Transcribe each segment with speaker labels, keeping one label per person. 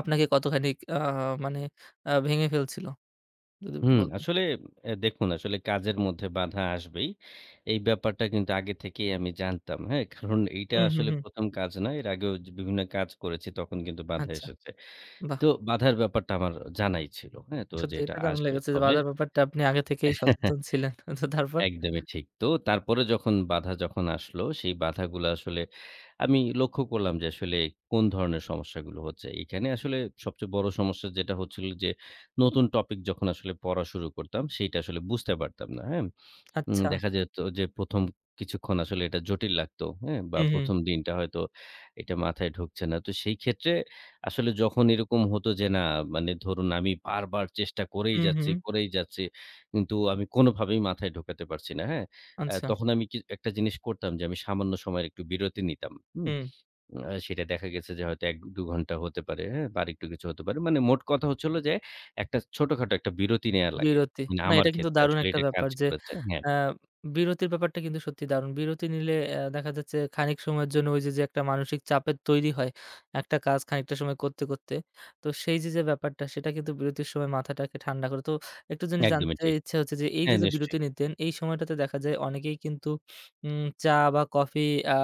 Speaker 1: আপনাকে কতখানিক আ মানে আ ভেঙে ফেলছিল? যদি একটু
Speaker 2: হুম,
Speaker 1: বলতেন।
Speaker 2: আসলে এ দেখুন আসলে কাজের মধ্যে বাঁধা আসবেই। এই ব্যাপারটা কিন্তু আগে থেকেই আমি জানতাম, হ্যাঁ। কারণ এইটা
Speaker 1: হুম, হুম,
Speaker 2: আসলে
Speaker 1: হুম।
Speaker 2: প্রথম কাজ নয়, এর আগেও জ বিভিন্ন কাজ করেছি, তখন কিন্তু বাধা
Speaker 1: আচ্ছা,
Speaker 2: এসেছে।
Speaker 1: বাহ!
Speaker 2: তো বাধার ব্যাপারটা আমার জানাই ছিল। হ্যাঁ, তো যে
Speaker 1: সত্যি,
Speaker 2: এটা
Speaker 1: এটা দারুণ
Speaker 2: আসবে।
Speaker 1: লেগেছে যে,
Speaker 2: তবে
Speaker 1: বাজার ব্যাপারটা আপনি আগে থেকেই সচেতন ছিলেন। আচ্ছা তারপর?
Speaker 2: একদমই ঠিক। তো, তারপরে যখন বাধা যখন আসলো সেই বাধাগুলো আসলে আমি লক্ষ্য করলাম যে, আসলে কোন ধরনের সমস্যাগুলো হচ্ছে? এখানে আসলে সবচেয়ে বড় সমস্যা যেটা হচ্ছিল যে, নতুন টপিক যখন আসলে পড়া শুরু করতাম সেটা আসলে বুঝতে পারতাম না, হ্যাঁ। উম
Speaker 1: আচ্ছা।
Speaker 2: দেখা যেত যে, প্রথম কিছুক্ষণ আসলে এটা জটিল লাগতো হ্যাঁ, বা
Speaker 1: হুম, হুম।
Speaker 2: ১ম দিনটা হয়তো এটা মাথায় ঢুকছে না। তো সেই ক্ষেত্রে আসলে যখন এরকম হতো যে, না মানে ধরুন আমি বারবার চেষ্টা করেই
Speaker 1: হুম,
Speaker 2: যাচ্ছি
Speaker 1: হুম।
Speaker 2: করেই যাচ্ছি, কিন্তু আমি কোনভাবেই মাথায় ঢোকাতে পারছি না, হ্যা। অ্যা
Speaker 1: আচ্ছা।
Speaker 2: তখন আমি কি একটা জিনিস করতাম যে, আমি সামান্য সময়ের একটু বিরতি নিতাম, হুম।
Speaker 1: হুম।
Speaker 2: অ্যা সেটা দেখা গেছে যে, হয়তো ১-২ ঘন্টা হতে পারে, হ্যাঁ, বা আর একটু কিছু হতে পারে। মানে মোট কথা হচ্ছে হলো যে, একটা ছোটখাটো একটা বিরতি নেয়া লাগে,
Speaker 1: বিরতি, না
Speaker 2: আমার
Speaker 1: এটা কিন্তু
Speaker 2: ক্ষেত্রে
Speaker 1: দারুণ
Speaker 2: আসলে
Speaker 1: একটা
Speaker 2: এটা কাজ
Speaker 1: ব্যাপার যে,
Speaker 2: করেছে, হ্যাঁ।
Speaker 1: অ্যা বিরতির ব্যাপারটা কিন্তু সত্যিই দারুণ। বিরতি নিলে অ্যা দেখা যাচ্ছে খানিক সময়ের জন্য ওই যে, যে একটা মানসিক চাপের তৈরি হয়, একটা কাজ খানিকটা সময় করতে, করতে। তো সেই যে, যে ব্যাপারটা সেটা কিন্তু বিরতির সময় মাথাটাকে ঠান্ডা করে। তো একটা জিনিস
Speaker 2: একদমই
Speaker 1: জানতে
Speaker 2: ঠিক।
Speaker 1: ইচ্ছে হচ্ছে যে, এই যে,
Speaker 2: হ্যাঁ,
Speaker 1: যে বিরতি
Speaker 2: নিশ্চয়ই।
Speaker 1: নিতেন এই সময়টাতে দেখা যায় অনেকেই কিন্তু উম চা বা কফি আ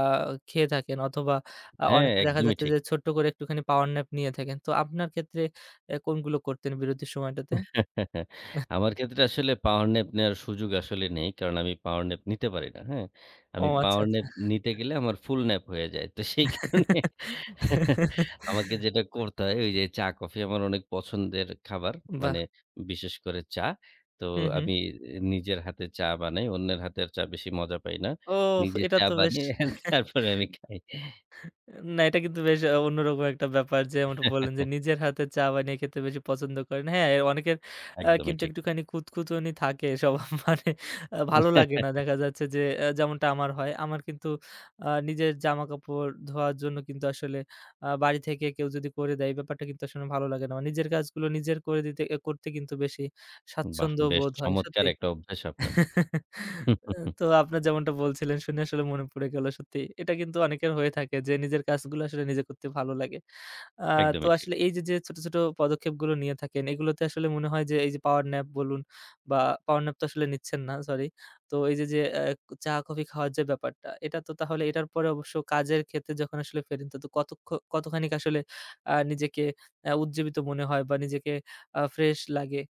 Speaker 1: খেয়ে থাকেন, অথবা আ
Speaker 2: হ্যাঁ,
Speaker 1: অনেকে দেখা
Speaker 2: একদমই
Speaker 1: যাচ্ছে
Speaker 2: ঠিক।
Speaker 1: যে ছোট্ট করে একটুখানি পাওয়ার ন্যাপ নিয়ে থাকেন। তো আপনার ক্ষেত্রে অ্যা কোনগুলো করতেন বিরতির সময়টাতে?
Speaker 2: আমার ক্ষেত্রে আসলে পাওয়ার ন্যাপ নেওয়ার সুযোগ আসলে নেই, কারণ আমি পাওয়ার ন্যাপ নিতে পারি না, হ্যাঁ।
Speaker 1: ও
Speaker 2: আমি
Speaker 1: আচ্ছা,
Speaker 2: পাওয়ার
Speaker 1: আচ্ছা।
Speaker 2: ন্যাপ নিতে গেলে আমার ফুলন্যাপ হয়ে যায়। তো সেই কারণে আমাকে যেটা করতে হয় ওই, যে চা-কফি আমার অনেক পছন্দের খাবার, মানে
Speaker 1: বাহ!
Speaker 2: বিশেষ করে চা। তো
Speaker 1: হুম, হুম।
Speaker 2: আমি নিজের হাতে চা বানাই, অন্যের হাতের চা বেশি মজা পাই না।
Speaker 1: ওফ,
Speaker 2: নিজে
Speaker 1: এটা
Speaker 2: চা
Speaker 1: তো বেশ!
Speaker 2: বানিয়ে তারপরে আমি খাই।
Speaker 1: না এটা কিন্তু বেশ অন্যরকম একটা ব্যাপার যে্মন টা বললেন যে, নিজের হাতে চা বানিয়ে খেতে বেশি পছন্দ করেন। হ্যাঁ অনেকের অ্যা
Speaker 2: একদমই
Speaker 1: কিন্তু
Speaker 2: ঠিক।
Speaker 1: একটুখানি খুঁতখুঁতনি থাকে সবার মানে আ ভালো লাগে না। দেখা যাচ্ছে যে আ যেমনটা আমার হয় আমার কিন্তু আ নিজের জামাকাপড় ধোয়ার জন্য কিন্তু আসলে আ বাড়ি থেকে কেউ যদি করে দেয়, এই ব্যাপারটা কিন্তু আসলে ভালো লাগে না। নিজের কাজগুলো নিজের করে দিতে আ করতে কিন্তু বেশি
Speaker 2: বাহ!
Speaker 1: স্বাচ্ছন্দ্য
Speaker 2: বেশ
Speaker 1: বোধ হয়,
Speaker 2: চমৎকার
Speaker 1: সত্যি।
Speaker 2: একটা অভ্যাস আপনার।
Speaker 1: অ্যা তো আপনার যেমনটা বলছিলেন শুনে আসলে মনে পড়ে গেল সত্যি। এটা কিন্তু অনেকের হয়ে থাকে যে, নিজের কাজগুলো আসলে নিজে করতে ভালো লাগে। আ তো
Speaker 2: একদমই ঠিক।
Speaker 1: আসলে এই যে, যে ছোট, ছোট পদক্ষেপগুলো নিয়ে থাকেন, এগুলোতে আসলে মনে হয় যে, এই যে পাওয়ার ন্যাপ বলুন বা পাওয়ার ন্যাপ তো আসলে নিচ্ছেন না, সরি। তো এই যে, যে আ ক চা-কফি খাওয়ার যে ব্যাপারটা, এটা তো তাহলে এটার পরে অবশ্য কাজের ক্ষেত্রে যখন আসলে ফেরত [unintelligible] তো কত খ কতখানিক আসলে আ নিজেকে আ উজ্জীবিত মনে হয় বা নিজেকে আ ফ্রেশ লাগে?